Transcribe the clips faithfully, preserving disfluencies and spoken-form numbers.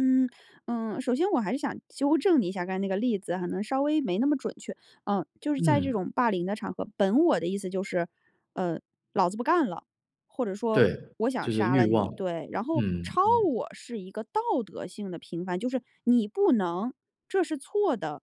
嗯，嗯，首先我还是想纠正你一下，刚才那个例子可能稍微没那么准确。嗯，就是在这嗯。种霸凌的场合，本我的意思就是：“呃，老子不干了”，或者说对，“我想就是杀欲了望。你”对，然后嗯超嗯。我是一个道德性的评判，就是“你不能，这是错的。”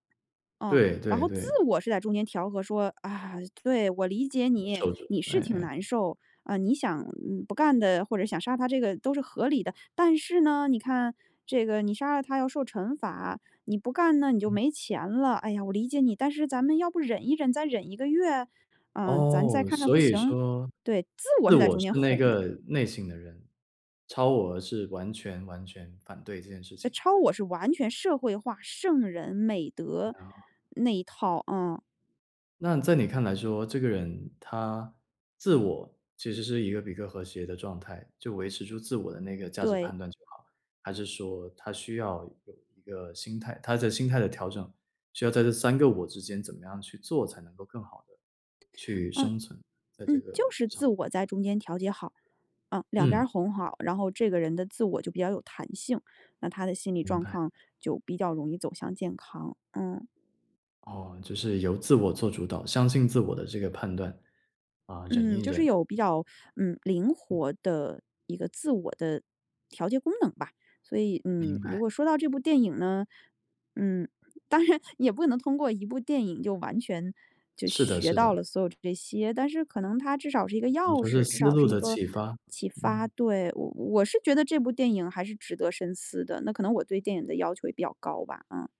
嗯，对然对后自对。我是在中间调和说：“啊，对，我理解你，你哎是挺难哎。受，呃，你想嗯，不干的，或者想杀他这个都是合理的，但是呢，你看，这个，你杀了他要受惩罚，你不干那你就嗯。没钱了，哎呀，我理解你，但是咱们要不忍一忍？再忍一个月？嗯，咱再哦，看看所不以行”说，对，自我自是在我中间是那哄的。个内省的人，超我是完全完全反对这件事呃，情。超我是完全社会化，圣人、美哎德，哦。那一套，嗯。那你在你看来说，这个人他自我其实是一个比较和谐的状态，就维持住自我的那个价值对。判断就好，还是说他需要有一个心态他的心态的调整，需要在这三个我之间怎么样去做，才能够更好地去嗯。生存，在这嗯，就个是之自上？我在中间调节好，嗯，两边嗯。儿哄好，然后这个人的自我就比较有弹性，那他的心理明状白。况就比较容易走向健康。嗯。哦，就是由自我做主导，相信自我的这个判断，啊，忍嗯，一就是忍。有比较，嗯，灵活的一个自我的调节功能吧。所以，明嗯，如白。果说到这部电影呢嗯，当然，也不能通过一部电影就完全就是的学是到了的。所有这些，但是可能它至少是一个可能钥说是匙，至思少路是一的个启发，启发。嗯。对，我我是觉得这部电影还是值得深思的，那可能我对电影的要求也比较高吧。啊。